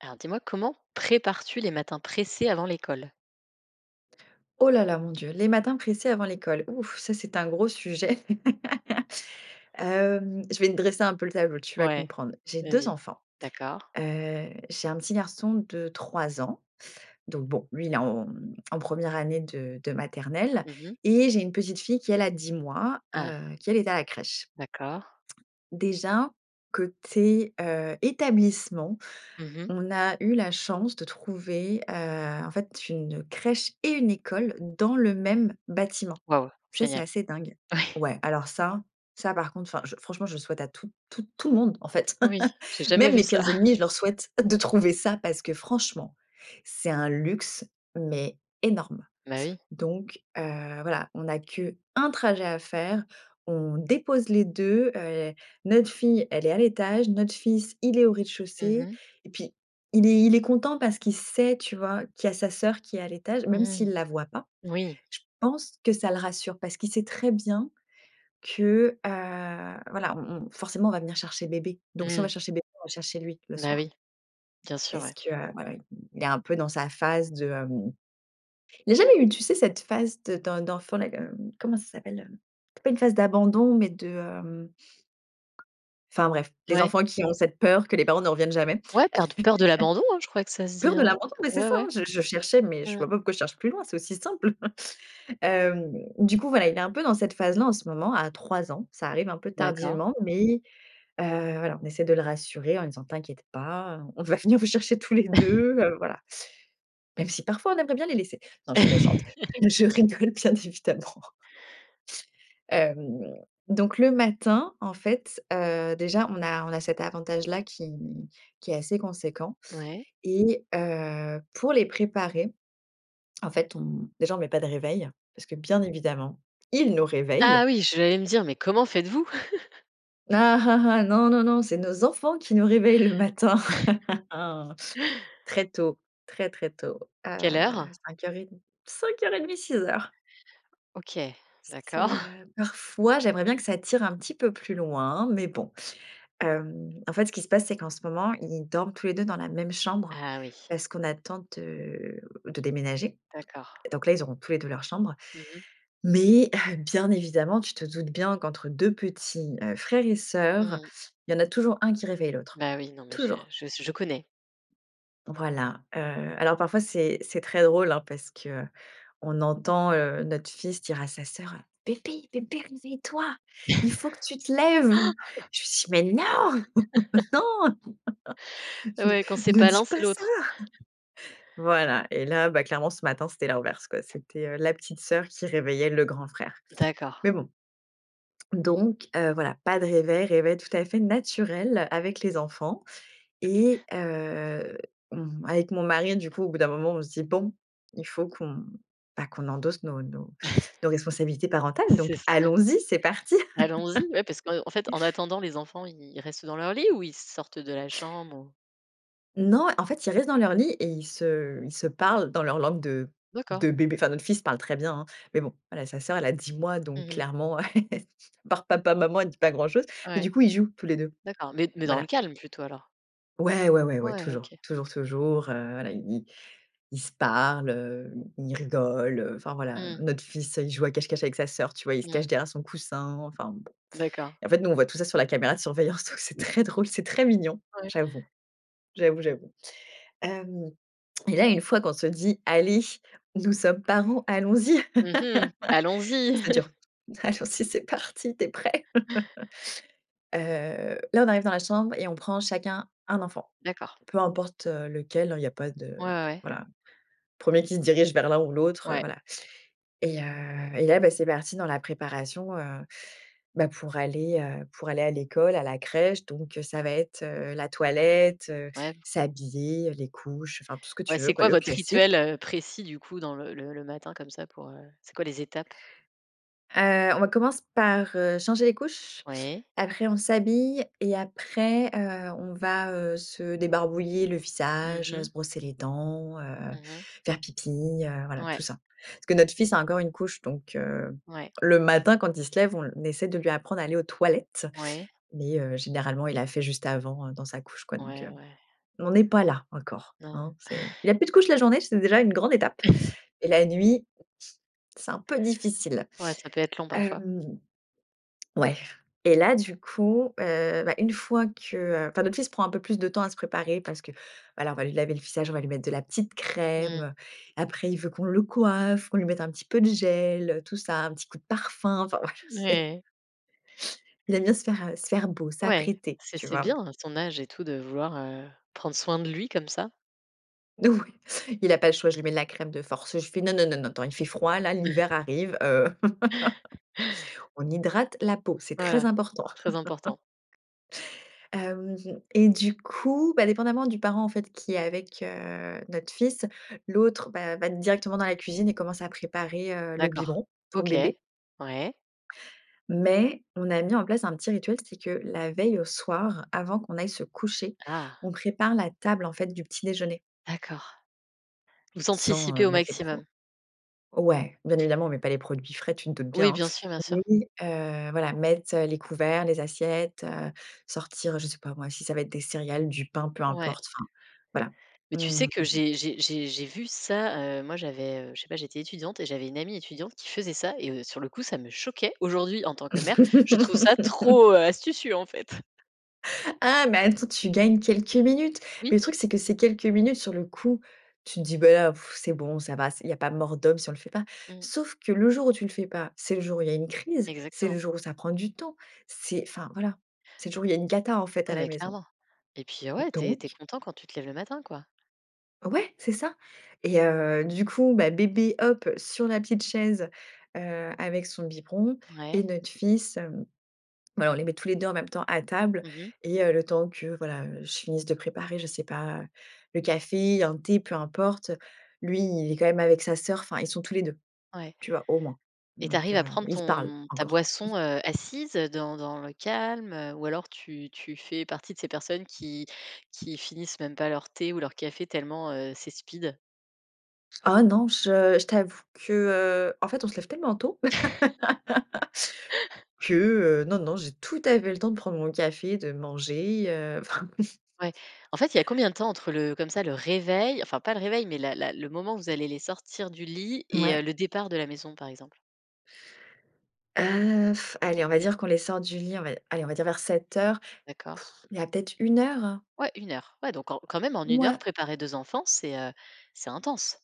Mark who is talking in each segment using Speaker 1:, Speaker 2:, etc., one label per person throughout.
Speaker 1: Alors dis-moi, comment prépares-tu les matins pressés avant l'école?
Speaker 2: Oh là là, mon Dieu! Les matins pressés avant l'école, ouf, ça, c'est un gros sujet. Hem, je vais te dresser un peu le tableau, tu vas
Speaker 1: Ouais.
Speaker 2: comprendre. J'ai 2
Speaker 1: Vas-y.
Speaker 2: enfants,
Speaker 1: D'accord.
Speaker 2: heu. J'ai un petit garçon de 3, donc bon, lui, il est en en première année de de maternelle
Speaker 1: Mmh mh.
Speaker 2: et j'ai une petite fille qui, elle, a 10,
Speaker 1: Ah.
Speaker 2: heu, qui, elle, est à la crèche.
Speaker 1: D'accord.
Speaker 2: Déjà, côté, heu, établissement,
Speaker 1: Mmh mh.
Speaker 2: on a eu la chance de trouver, heu, en fait, une crèche et une école dans le même bâtiment.
Speaker 1: Wouah!
Speaker 2: Ça, c'est
Speaker 1: Génial.
Speaker 2: assez dingue.
Speaker 1: Oui.
Speaker 2: Ouais. Alors ça, ça, par contre, enfin je franchement, je souhaite à tout tout tout le monde en fait.
Speaker 1: Oui. J’ai jamais
Speaker 2: Même
Speaker 1: vu
Speaker 2: mes
Speaker 1: ça.
Speaker 2: pires ennemis, je leur souhaite de trouver ça parce que franchement, c'est un luxe, mais énorme!
Speaker 1: Bah, oui.
Speaker 2: Donc, heu, voilà, on a qu' 1 trajet à faire. On dépose les 2. Heu, notre fille, elle est à l'étage, notre fils, il est au
Speaker 1: Mmh
Speaker 2: rez-de-chaussée
Speaker 1: mh.
Speaker 2: et puis, il est il est content parce qu'il sait, tu vois, qu'il y a sa sœur qui est à l'étage, même s'il
Speaker 1: Mmh.
Speaker 2: la voit pas.
Speaker 1: Oui.
Speaker 2: Je pense que ça le rassure parce qu'il sait très bien que, heu, voilà, on on forcément, on va venir chercher bébé. Donc si on va
Speaker 1: Mmh.
Speaker 2: chercher bébé, on va chercher lui le
Speaker 1: Bah,
Speaker 2: soir.
Speaker 1: oui. Bien sûr,
Speaker 2: Parce
Speaker 1: ouais.
Speaker 2: que, heu, ouais, ouais, il est un peu dans sa phase de, hem Il a jamais eu, tu sais, cette phase de d’en d’enfant là comme, heu, comment ça s'appelle, hem? C’est pas une phase d'abandon, mais de, hem enfin bref, des
Speaker 1: Ouais.
Speaker 2: enfants qui ont cette peur que les parents ne reviennent jamais.
Speaker 1: Ouais. Par de peur de l'abandon, hein, je crois que ça se dit,
Speaker 2: Peur de
Speaker 1: hein.
Speaker 2: l'abandon, bah, c’est
Speaker 1: Ouais
Speaker 2: ça, hein!
Speaker 1: ouais.
Speaker 2: Je je cherchais, mais je
Speaker 1: Mmh.
Speaker 2: vois pas pourquoi je cherche plus loin, c'est aussi simple. Hem, du coup, voilà, il est un peu dans cette phase là en ce moment à 3 ans. Ça arrive un peu
Speaker 1: D’accord.
Speaker 2: tardivement, mais, heu, voilà, on essaie de le rassurer en lui disant: «T'inquiète pas, heu, on va venir vous chercher tous les 2, heu, voilà». Même si parfois on aimerait bien les laisser. Non, je suis méchante. Je rigole, bien évidemment. Hem, donc, le matin, en fait, heu, déjà on a on a cet avantage là qui qui est assez conséquent
Speaker 1: Ouais.
Speaker 2: et heu, pour les préparer, en fait, on déjà, on met pas de réveil, parce que, bien évidemment, ils nous réveillent.
Speaker 1: Ah oui! J’allais me dire: «Mais comment faites-vous?»
Speaker 2: Ah ah ah, non, non, non, c'est nos enfants qui nous réveillent le matin. Très tôt très très tôt, heu,
Speaker 1: Quelle heure?
Speaker 2: 05:30, 05:30-06:00.
Speaker 1: OK,
Speaker 2: C
Speaker 1: d'accord.
Speaker 2: c'est heu, parfois, j'aimerais bien que ça tire un petit peu plus loin, mais bon. Hem, en fait, ce qui se passe, c'est qu'en ce moment, ils dorment tous les 2 dans la même chambre,
Speaker 1: Ah oui.
Speaker 2: parce qu'on attend de de déménager
Speaker 1: D'accord.
Speaker 2: et donc là, ils auront tous les 2 leur chambre.
Speaker 1: Mmh mh.
Speaker 2: Mais hum, bien évidemment, tu te doutes bien qu'entre 2 petits heu, frère et sœur,
Speaker 1: Mmh.
Speaker 2: il y en a toujours un qui réveille l'autre,
Speaker 1: Bah, oui, non, mais je
Speaker 2: toujours.
Speaker 1: je s je connais.
Speaker 2: Voilà, heu, alors parfois, c'est c'est très drôle hein, parce que on entend, heu, notre fils dire à sa sœur, heu: «Bébé, bébé réveille toi, il faut que tu te lèves». Je lui dis: «Mais non! Non,
Speaker 1: Ouais, quand c'est
Speaker 2: ne ne
Speaker 1: pas
Speaker 2: dis
Speaker 1: l'un, c'est
Speaker 2: pas ça!»
Speaker 1: l'autre.
Speaker 2: Voilà et là bah, clairement ce matin, c'était l'inverse quoi. C'était heu, la petite sœur qui réveillait le grand frère.
Speaker 1: D'accord.
Speaker 2: Mais bon donc heu, voilà, pas de réveil réveil tout à fait naturel avec les enfants et heu, mmh, avec mon mari du coup au bout d'un moment on se dit: «Bon il faut qu'on, bah qu'on endosse nos nos nos responsabilités parentales donc
Speaker 1: C'est ça.
Speaker 2: allons-y, c'est parti!»
Speaker 1: Allons-y, oui parce qu'en fait, en attendant, les enfants, ils restent dans leur lit ou ils sortent de la chambre ou?
Speaker 2: Non, en fait, ils restent dans leur lit et ils se ils se parlent dans leur langue de
Speaker 1: D'accord.
Speaker 2: de bébé. Enfin, notre fils parle très bien, hein, mais bon, voilà, sa sœur, elle a 10 mois, donc
Speaker 1: Mmh mh.
Speaker 2: clairement à part «Papa, maman,» elle dit pas grand-chose. Mais
Speaker 1: Ouais,
Speaker 2: du coup, ils jouent tous les 2.
Speaker 1: d'accord. Mais mais dans le
Speaker 2: Voilà.
Speaker 1: calme plutôt alors?
Speaker 2: Ouais, ouais, ouais, ouais,
Speaker 1: Ouais,
Speaker 2: toujours
Speaker 1: OK.
Speaker 2: toujours toujours, heu, voilà, i i ils se parlent, heu, i ils rigolent, heu, enfin voilà, heu.
Speaker 1: Mmh.
Speaker 2: Notre fils, heu, il joue à cache-cache avec sa sœur, tu vois, il se cache
Speaker 1: Mmh.
Speaker 2: derrière son coussin enfin, b.
Speaker 1: D'accord.
Speaker 2: Et en fait, nous, on voit tout ça sur la caméra de surveillance, donc, c'est
Speaker 1: [unintelligible]
Speaker 2: très drôle, c'est très mignon,
Speaker 1: Ouais.
Speaker 2: j'avoue j'avoue j'avoue. Hem et là, une fois qu'on se dit: «Allez, nous sommes parents, allons-y,
Speaker 1: Mmh mh, allons-y!
Speaker 2: ça dure. Allons-y, c'est parti, tu es prêt. Heu, là, on arrive dans la chambre et on prend chacun 1 enfant.
Speaker 1: D'accord.
Speaker 2: Peu importe, heu, lequel, hein, il y a pas
Speaker 1: Ouais,
Speaker 2: de
Speaker 1: ouais, ouais.
Speaker 2: voilà. Premier qui se dirige vers l'un ou l'autre, heu,
Speaker 1: Ouais.
Speaker 2: voilà. Et, heu, et là, bah, c'est parti dans la préparation, heu, bah, pour aller, heu, pour aller à l'école à la crèche donc, heu ça va être, heu, la toilette, heu,
Speaker 1: Ouais v
Speaker 2: s'habiller, heu, les couches, enfin tout ce que
Speaker 1: Ouais,
Speaker 2: tu veux
Speaker 1: c'est
Speaker 2: quoi,
Speaker 1: quoi
Speaker 2: le
Speaker 1: votre
Speaker 2: classique.
Speaker 1: rituel, heu, précis du coup dans le le le matin comme ça pour, heu c'est quoi les étapes?
Speaker 2: Heu, on va commence par, heu, changer les couches,
Speaker 1: Oui.
Speaker 2: après on s'habille et après, heu, on va, heu, se débarbouiller le
Speaker 1: Mmh
Speaker 2: visage, heu,
Speaker 1: mh.
Speaker 2: se brosser les dents, heu,
Speaker 1: Mmh mh.
Speaker 2: faire pipi, heu, voilà
Speaker 1: Ouais.
Speaker 2: tout ça. Parce que notre fils a encore une couche, donc, heu,
Speaker 1: Ouais.
Speaker 2: le matin quand il se lève, on l naissait de lui apprendre à aller aux toilettes.
Speaker 1: Ouais.
Speaker 2: Mais, heu, généralement, il a fait juste avant, heu, dans sa couche quoi donc,
Speaker 1: Ouais
Speaker 2: heu,
Speaker 1: ouais.
Speaker 2: on en est pas là encore,
Speaker 1: Non.
Speaker 2: hein, c'est il a plus de couches la journée, c'est déjà une grande étape. Et la nuit, c'est un peu difficile.
Speaker 1: Ouais, ça peut être long parfois.
Speaker 2: Hem, ouais et là du coup, heu, bah, une fois que, heu enfin notre fils prend un peu plus de temps à se préparer parce que, voilà, on va lui laver le visage, on va lui mettre de la petite
Speaker 1: Mmh.
Speaker 2: crème, après il veut qu'on le coiffe, qu'on lui mette un petit peu de gel, heu, tout ça, un petit coup de parfum, enfin, voila, c'est
Speaker 1: Mouais.
Speaker 2: il aime bien se faire, heu, se faire beau,
Speaker 1: Ouais,
Speaker 2: s'apprêter,
Speaker 1: c'est
Speaker 2: tu
Speaker 1: c'est
Speaker 2: vois?
Speaker 1: bien à son âge et tout de vouloir, heu, prendre soin de lui comme ça.
Speaker 2: N Oui, il a pas le choix, je lui mets de la crème de force, je fais: «Non, non, non, non, attend il fait froid, là, l'hiver arrive. Heu, on hydrate la peau, c'est très
Speaker 1: Voilà,
Speaker 2: important.»
Speaker 1: très important.
Speaker 2: Hem, mmh mh, et du coup, bah, dépendamment du parent, en fait, qui est avec, heu, notre fils, l'autre, bah, va directement dans la cuisine et commence à préparer, heu, le
Speaker 1: D'accord.
Speaker 2: biberon, pour
Speaker 1: OK.
Speaker 2: bébé.
Speaker 1: Ouais.
Speaker 2: Mais, on a mis en place un petit rituel, c'est que la veille au soir, avant qu'on aille se coucher,
Speaker 1: Ah.
Speaker 2: on prépare la table, en fait, du petit déjeuner.
Speaker 1: D'accord. Vous
Speaker 2: Sans, heu,
Speaker 1: anticipez au
Speaker 2: mettre les pro
Speaker 1: maximum.
Speaker 2: ouais, bien évidemment on met pas les produits frais, tu te doutes
Speaker 1: Oui,
Speaker 2: bien, hein?
Speaker 1: bien sûr bien sûr.
Speaker 2: Oui, heu, voilà, mettre les couverts, les assiettes, heu, sortir, je sais pas moi, si ça va être des céréales, du pain, peu
Speaker 1: Ouais.
Speaker 2: importe, enfin, voilà.
Speaker 1: Mais tu sais
Speaker 2: Mmh
Speaker 1: que
Speaker 2: mh.
Speaker 1: j'ai j'ai j'ai j'ai vu ça, heu, moi, j'avais, heu, je sais pas, j'étais étudiante et j'avais une amie étudiante qui faisait ça et, heu, sur le coup, ça me choquait. Aujourd'hui, en tant que mère, je trouve ça trop, heu astucieux, en fait.
Speaker 2: Ah, mais attends, tu gagnes quelques minutes. Mais
Speaker 1: Oui.
Speaker 2: le truc, c'est que ces quelques minutes, sur le coup, tu te dis: «Beh, ah,, c'est bon, ça va, c'est il y a pas mort d'homme si on le fait pas.».
Speaker 1: Mmh.
Speaker 2: Sauf que le jour où tu le fais pas, c'est le jour où il y a une crise, c'est le
Speaker 1: Exactement.
Speaker 2: jour où ça prend du temps, c'est enfin voilà, c'est le
Speaker 1: Mmh.
Speaker 2: jour où il y a une cata, en fait, à
Speaker 1: Non,
Speaker 2: la
Speaker 1: mais
Speaker 2: maison.
Speaker 1: clairement, et puis, heu, ouais, tu es tu es
Speaker 2: Donc.
Speaker 1: content quand tu te lèves le matin, quoi.
Speaker 2: Ouais, c'est ça! Et, heu, du coup, bah, bébé, hop, sur la petite chaise, heu, avec son biberon et
Speaker 1: Ouais.
Speaker 2: notre fils, hem bah, on les met tous les deux en même temps à table.
Speaker 1: Mmh mh.
Speaker 2: Et, heu, le temps que, voilà, heu, je finisse de préparer, je sais pas, le café, un thé, peu importe. Lui, il est quand même avec sa sœur enfin, ils sont tous les 2,
Speaker 1: Ouais.
Speaker 2: tu vois, au moins,
Speaker 1: Et tu
Speaker 2: donc,
Speaker 1: arrives à
Speaker 2: heu,
Speaker 1: prendre
Speaker 2: ils se parlent
Speaker 1: ton ta
Speaker 2: encore.
Speaker 1: boisson, heu, assise, heu, dans dans le calme, heu, ou alors tu tu fais partie de ces personnes qui qui finissent même pas leur thé ou leur café tellement, heu, c'est speed?
Speaker 2: Oh non, je je t'avoue que, heu, en fait, on se lève tellement tôt. Que, heu, non non, j'ai tout à fait le temps de prendre mon café, de manger, heu, enfin.
Speaker 1: Ouais. En fait, il y a combien de temps entre le comme ça, le réveil enfin pas le réveil, mais la la le moment où vous allez les sortir du lit et heu,
Speaker 2: Mouais.
Speaker 1: le départ de la maison, par exemple?
Speaker 2: Heu, allez, on va dire qu'on les sort du lit, on va, dire aller on va dire vers 07:00,
Speaker 1: D'accord.
Speaker 2: il y a peut-être 1 heure.
Speaker 1: Ouais 1 heure. Ouais, donc, quand quand même, en 1 heure,
Speaker 2: Mouais.
Speaker 1: préparer 2 enfants, c'est, heu, c'est intense.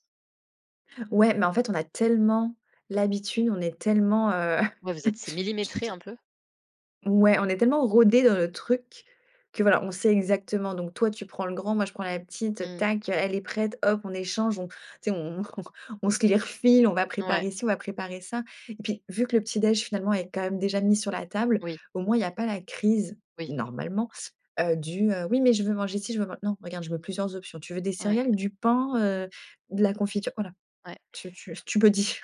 Speaker 2: Ouais. Mais, en fait, on a tellement l'habitude, on est tellement, heu,
Speaker 1: Ouais. Vous êtes, c'est
Speaker 2: je
Speaker 1: millimétré
Speaker 2: sais
Speaker 1: un peu?
Speaker 2: Ouais. On est tellement rodés dans notre truc que voilà, on sait exactement donc toi, tu prends le grand, moi, je prends la petite,
Speaker 1: Mmh.
Speaker 2: tac, heu, elle est prête, hop, on échange, on tu sais on on on se les refile, on va
Speaker 1: Ouais.
Speaker 2: préparer si on va préparer ça. Et puis, vu que le petit déj, finalement est quand même déjà mis sur la table,
Speaker 1: Oui.
Speaker 2: au moins il y a pas la crise,
Speaker 1: Oui.
Speaker 2: normalement, heu, du, heu, oui, mais je veux manger si, je veux man non, regarde, je mets plusieurs options, tu veux des
Speaker 1: Ouais.
Speaker 2: céréales, du pain, heu, de la confiture, voilà,
Speaker 1: Ouais.
Speaker 2: tu tu tu me dis.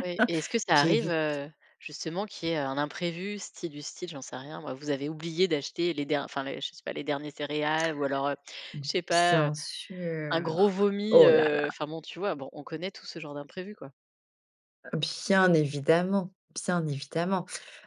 Speaker 1: Oui, et est-ce que ça arrive,
Speaker 2: J'évite.
Speaker 1: heu, justement qu'il y ait, heu, un imprévu style du style, j'en sais rien moi, vous avez oublié d'acheter, les der enfin, je sais pas, les derniers céréales ou alors, heu, je sais pas, heu,
Speaker 2: Bien
Speaker 1: un gros
Speaker 2: sûr,
Speaker 1: vomi,
Speaker 2: oh là
Speaker 1: heu.
Speaker 2: là.
Speaker 1: Enfin bon, tu vois? Bon, on connaît tout ce genre d'imprévus quoi.
Speaker 2: Bien évidemment, bien évidemment.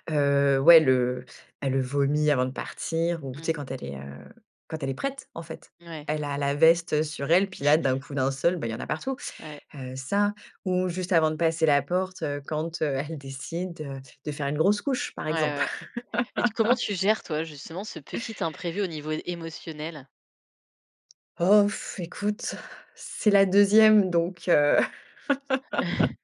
Speaker 2: Heu, ouais le elle vomi avant de partir ou tu sais?
Speaker 1: Mmh.
Speaker 2: Quand elle est, heu, quand elle est prête en fait.
Speaker 1: Ouais.
Speaker 2: Elle a la veste sur elle, puis là d'un coup d'un seul, bah, il y en a partout.
Speaker 1: Ouais.
Speaker 2: Heu, ça ou juste avant de passer la porte, heu, quand, heu, elle décide de faire une grosse couche par
Speaker 1: Ouais,
Speaker 2: exemple.
Speaker 1: ouais. Et tu comment tu gères toi justement ce petit imprévu au niveau émotionnel?
Speaker 2: Oh f écoute, c'est la 2e donc, heu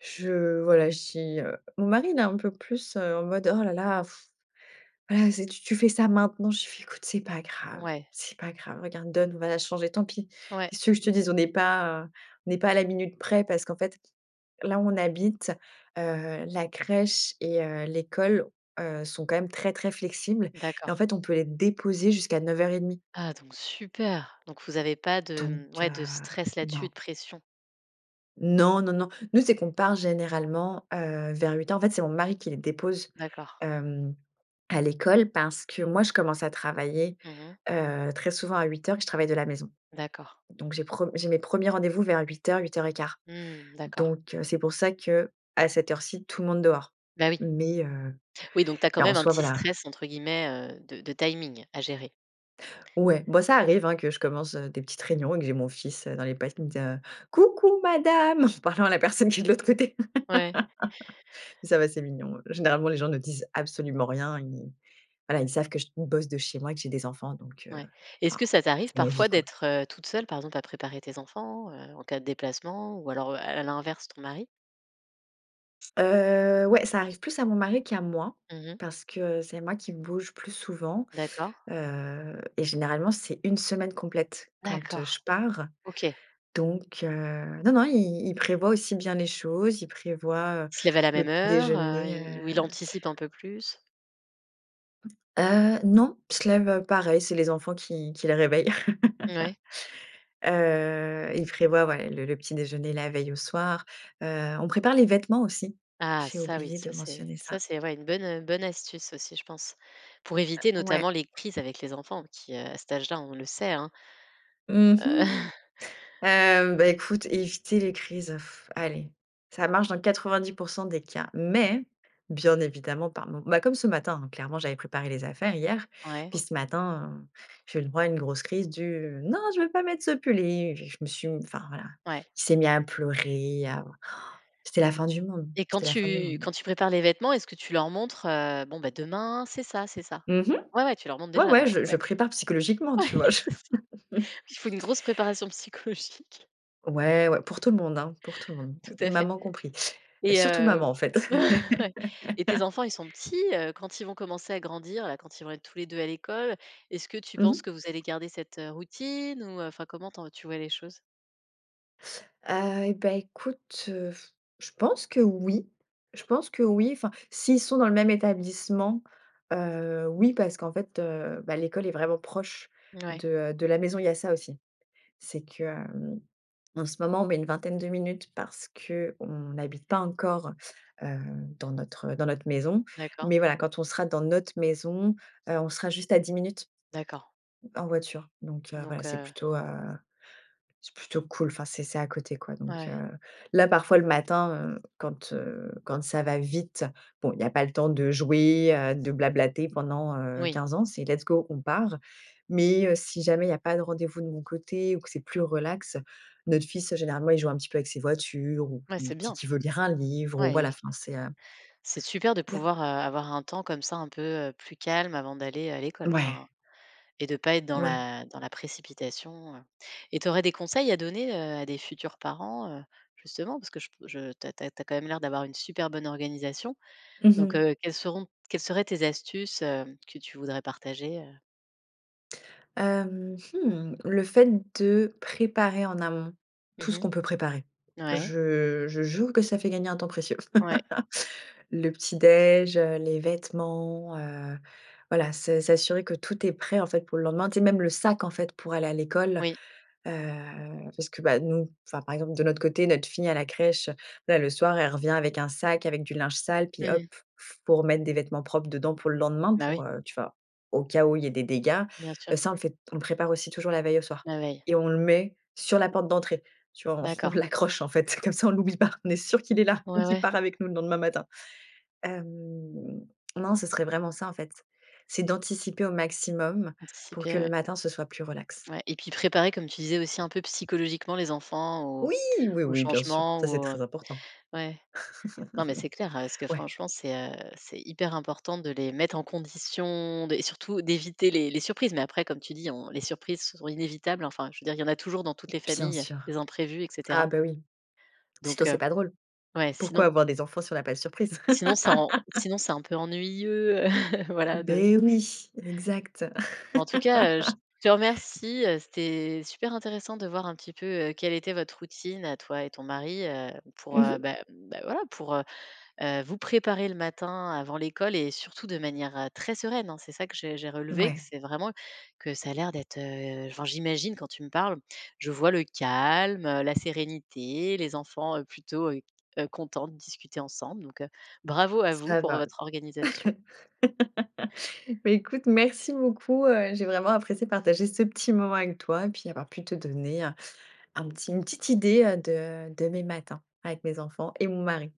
Speaker 2: je voilà, j'y heu, mon mari, il est un peu plus, heu, en mode: «Oh là là,, bah, c'est tu tu fais ça maintenant». Je lui fais: «Écoute c'est pas grave,
Speaker 1: Ouais.
Speaker 2: c'est pas grave regarde. Donne, on va la changer. Tant pis
Speaker 1: Ouais.
Speaker 2: qu'est que tu veux que je te dise? On n'est pas à on n'est pas à la minute près» parce qu'en fait là où on habite, heu, la crèche et heu, l'école, heu, sont quand même très très flexibles et en
Speaker 1: D'accord.
Speaker 2: fait, on peut les déposer jusqu'à 9:30
Speaker 1: Ah donc super. Donc vous avez pas
Speaker 2: donc,
Speaker 1: de, mmh, ouais de
Speaker 2: heu,
Speaker 1: stress là dessus,
Speaker 2: non.
Speaker 1: de pression.
Speaker 2: Non, non, non. Nous, c'est qu'on part généralement, heu, vers 8:00. En fait, c'est mon mari qui les dépose,
Speaker 1: D'accord.
Speaker 2: hem, à l'école parce que moi, je commence à travailler,
Speaker 1: Mmh mh.
Speaker 2: heu, très souvent à 8:00 et je travaille de la maison.
Speaker 1: D'accord.
Speaker 2: Donc j'ai pre j'ai mes premiers rendez-vous vers 8:00-8:15.
Speaker 1: Mmh. D'accord.
Speaker 2: Donc c'est pour ça que à cette heure ci, tout le monde dehors.
Speaker 1: Bah oui.
Speaker 2: Mais, heu,
Speaker 1: Oui donc tu as
Speaker 2: et
Speaker 1: quand
Speaker 2: en
Speaker 1: même un
Speaker 2: soi,
Speaker 1: «petit
Speaker 2: voilà.
Speaker 1: stress» entre guillemets, heu, de de timing à gérer.
Speaker 2: Ouais, bah, ça arrive que je commence, heu, des petites réunions et que j'ai mon fils, heu, dans les pattes qui me dit, heu: «Coucou madame!» en parlant à la personne qui est de l'autre côté.
Speaker 1: Ouais.
Speaker 2: Ça va, c'est mignon, heu. Généralement, les gens ne disent absolument rien. Ils voilà ils savent que je bosse de chez moi et que j'ai des enfants donc, heu,
Speaker 1: Ouais. Est-ce
Speaker 2: enfin
Speaker 1: que ça t'arrive
Speaker 2: c'est ma vie
Speaker 1: parfois
Speaker 2: quoi.
Speaker 1: d'être, heu, toute seule, par exemple, à préparer tes enfants, heu, en cas de déplacement ou alors, heu, à l'inverse ton mari?
Speaker 2: Heu, ouais, ça arrive plus à mon mari qu'à moi,
Speaker 1: Mmh mh.
Speaker 2: parce que c'est moi qui bouge plus souvent.
Speaker 1: D'accord.
Speaker 2: Heu et généralement c'est 1 semaine complète quand, heu,
Speaker 1: D'accord,
Speaker 2: je pars.
Speaker 1: OK.
Speaker 2: Donc, heu, non non il il prévoit aussi bien les choses, il prévoit, heu,
Speaker 1: Il se lève à la
Speaker 2: le
Speaker 1: même
Speaker 2: petit
Speaker 1: heure, heu,
Speaker 2: déjeuner,
Speaker 1: il ou
Speaker 2: heu
Speaker 1: il anticipe un peu plus?
Speaker 2: Heu, non, il se lève, heu, pareil, c'est les enfants qui qui le réveillent.
Speaker 1: Mouais.
Speaker 2: Heu, il prévoit, ouais le le petit déjeuner, la veille au soir. Heu, on prépare les vêtements aussi
Speaker 1: Ah,
Speaker 2: j'ai
Speaker 1: ça oui.
Speaker 2: oublié
Speaker 1: Ça
Speaker 2: de
Speaker 1: c'est
Speaker 2: mentionner
Speaker 1: ça
Speaker 2: ça.
Speaker 1: c'est ouais, une bonne, heu, bonne astuce aussi, je pense. Pour
Speaker 2: Heu,
Speaker 1: éviter
Speaker 2: ouais.
Speaker 1: notamment les crises avec les enfants qui à cet âge là, on le sait, hein,
Speaker 2: Mmh
Speaker 1: heu
Speaker 2: mh. Hem, beh, écoute, éviter les crises. Allez, ça marche dans 90 % des cas, mais bien évidemment par mom Bah, comme ce matin, hein, clairement, j'avais préparé les affaires hier.
Speaker 1: Ouais.
Speaker 2: Puis ce matin, heu, j'ai eu droit à une grosse crise du: «Non, je veux pas mettre ce pull» et il j je me suis di enfin voilà,
Speaker 1: Ouais.
Speaker 2: il s'est mis à pleurer, à oh c'était la fin du monde,
Speaker 1: Et quand
Speaker 2: c'était la fin du
Speaker 1: tu
Speaker 2: monde.
Speaker 1: quand tu prépares les vêtements, est-ce que tu leur montres, heu, bon, bah, demain, c'est ça c'est ça?
Speaker 2: Mmh mh.
Speaker 1: Ouais, ouais, tu leur montres
Speaker 2: Ouais
Speaker 1: déjà,
Speaker 2: ouais,
Speaker 1: donc.
Speaker 2: je je
Speaker 1: Ouais.
Speaker 2: prépare psychologiquement,
Speaker 1: Ouais,
Speaker 2: tu vois? Je
Speaker 1: c'est ça. Il faut une grosse préparation psychologique.
Speaker 2: Ouais, ouais, pour tout le monde, hein, pour tout le monde,
Speaker 1: Tout à fait.
Speaker 2: maman compris.
Speaker 1: Et
Speaker 2: Surtout maman,
Speaker 1: heu,
Speaker 2: en fait.
Speaker 1: ouais. Et tes enfants, ils sont petits, heu, quand ils vont commencer à grandir, là, quand ils vont être tous les 2 à l'école, est-ce que tu
Speaker 2: Mmh mh.
Speaker 1: penses que vous allez garder cette, heu, routine ou, heu, enfin, comment t’en tu vois les choses?
Speaker 2: Heu, et bah, écoute, heu, je pense que oui. Je pense que oui. Enfin, s'ils sont dans le même établissement, heu, oui, parce qu'en fait, heu, bah, l'école est vraiment proche
Speaker 1: Ouais.
Speaker 2: de, heu, de la maison. Il y a ça aussi. C'est que, hem, en ce moment, on met une vingtaine de minutes parce qu'on habite pas encore, heu, dans notre dans notre maison.
Speaker 1: D’accord.
Speaker 2: Mais voilà, quand on sera dans notre maison, heu, on sera juste à 10 minutes
Speaker 1: D'accord.
Speaker 2: en voiture. Donc, heu, voilà,
Speaker 1: Donc,
Speaker 2: c'est
Speaker 1: heu.
Speaker 2: plutôt, heu c'est plutôt cool enfin c'est c'est à côté quoi, donc,
Speaker 1: Ouais.
Speaker 2: heu. Là parfois le matin, heu, quand, heu, quand ça va vite bon il y a pas le temps de jouer, heu, de blablater pendant, heu,
Speaker 1: Oui.
Speaker 2: 15 ans, c'est let's go on part, mais, heu, si jamais il y a pas de rendez-vous de mon côté ou que c'est plus relax, notre fils généralement il joue un petit peu avec ses voitures ou
Speaker 1: Bah,
Speaker 2: il
Speaker 1: c'est
Speaker 2: dit
Speaker 1: bien.
Speaker 2: qui veut lire un livre ou
Speaker 1: Ouais
Speaker 2: voilà,
Speaker 1: et q
Speaker 2: enfin c'est, heu
Speaker 1: C'est super de
Speaker 2: Il y a
Speaker 1: pouvoir, heu, avoir un temps comme ça, un peu, heu, plus calme avant d'aller à l'école,
Speaker 2: Ouais.
Speaker 1: enfin. Et de pas être dans
Speaker 2: Ouais.
Speaker 1: la dans la précipitation, heu. Et tu aurais des conseils à donner, heu, à des futurs parents, heu, justement, parce que je p je tu as tu as tu as quand même l'air d'avoir une super bonne organisation.
Speaker 2: Mmh
Speaker 1: Donc,
Speaker 2: mh.
Speaker 1: heu, quelles seront quelles seraient tes astuces, hem, que tu voudrais partager, heu?
Speaker 2: Hem, mmh, le fait de préparer en amont
Speaker 1: Mmh
Speaker 2: tout ce
Speaker 1: mh.
Speaker 2: qu'on peut préparer,
Speaker 1: Ouais.
Speaker 2: je je jure que ça fait gagner un temps précieux.
Speaker 1: Ouais.
Speaker 2: Le petit déj, heu, les vêtements, heu, voilà, s s'assurer que tout est prêt en fait pour le lendemain. Tu sais, même le sac en fait pour aller à l'école,
Speaker 1: Oui.
Speaker 2: heu parce que, bah, nous enfin par exemple, de notre côté, notre fille à la crèche, là le soir, elle revient avec un sac avec du linge sale, puis hop,
Speaker 1: Mmh.
Speaker 2: il faut remettre des vêtements propres dedans pour le lendemain,
Speaker 1: Bah oui.
Speaker 2: pour, heu, tu vois, au cas où il y ait des dégâts.
Speaker 1: Bien sûr.
Speaker 2: Heu, ça, on le fait on prépare aussi toujours la veille au soir
Speaker 1: La veille.
Speaker 2: et on le met sur la porte d'entrée, tu vois. On on
Speaker 1: D'accord.
Speaker 2: l'accroche en fait, comme ça, on l'oublie pas. On est sûr qu'il est là et
Speaker 1: Ouais,
Speaker 2: qu'il
Speaker 1: ouais.
Speaker 2: part avec nous le lendemain matin. Hem, non, ce serait vraiment ça, en fait. C'est d'anticiper au maximum pour que
Speaker 1: Anticiper,
Speaker 2: le
Speaker 1: ouais.
Speaker 2: matin, ce soit plus relax.
Speaker 1: Ouais. Et puis préparer, comme tu disais aussi un peu psychologiquement les enfants aux
Speaker 2: Oui! Oui,
Speaker 1: aux
Speaker 2: oui, bien sûr!
Speaker 1: changements
Speaker 2: Ça,
Speaker 1: ou
Speaker 2: c'est
Speaker 1: au
Speaker 2: très important.
Speaker 1: Ouais. Non, mais c'est clair, heu, parce que
Speaker 2: Ouais.
Speaker 1: franchement, c'est, heu c'est hyper important de les mettre en condition de et surtout d'éviter les les surprises. Mais après, comme tu dis on: «Les surprises sont inévitables». Enfin, je veux dire, il y en a toujours dans toutes les
Speaker 2: Bien
Speaker 1: familles
Speaker 2: sûr.
Speaker 1: des imprévus, et
Speaker 2: Ah,
Speaker 1: cetera.
Speaker 2: bah, oui. Sinon,
Speaker 1: Donc,
Speaker 2: c’est
Speaker 1: heu
Speaker 2: pas drôle.
Speaker 1: ouais,
Speaker 2: Pourquoi
Speaker 1: sinon
Speaker 2: avoir des enfants si on a pas de surprise?
Speaker 1: Sinon, ça en sinon, c'est un peu ennuyeux. Voilà de
Speaker 2: Beh, oui, exact.
Speaker 1: Mais en tout cas, heu, je te remercie, heu. C'était super intéressant de voir un petit peu, heu, quelle était votre routine à toi et ton mari, heu, pour,
Speaker 2: Mmh
Speaker 1: heu,
Speaker 2: mh.
Speaker 1: bah bah, voilà, pour, heu heu, vous préparer le matin avant l'école et surtout de manière, heu, très sereine, hein. C'est ça que j'ai j'ai relevé, que
Speaker 2: Ouais.
Speaker 1: c'est vraiment que ça a l'air d'être, heu enfin j'imagine quand tu me parles, je vois le calme, la sérénité, les enfants, heu, plutôt, heu heu, contents de discuter ensemble. Donc, heu, bravo à vous
Speaker 2: Ça
Speaker 1: pour
Speaker 2: va.
Speaker 1: votre organisation.
Speaker 2: Bah, écoute merci beaucoup, heu, j'ai vraiment apprécié partager ce petit moment avec toi et puis avoir pu te donner, heu, un petit une petite idée, heu, de de mes matins avec mes enfants et mon mari.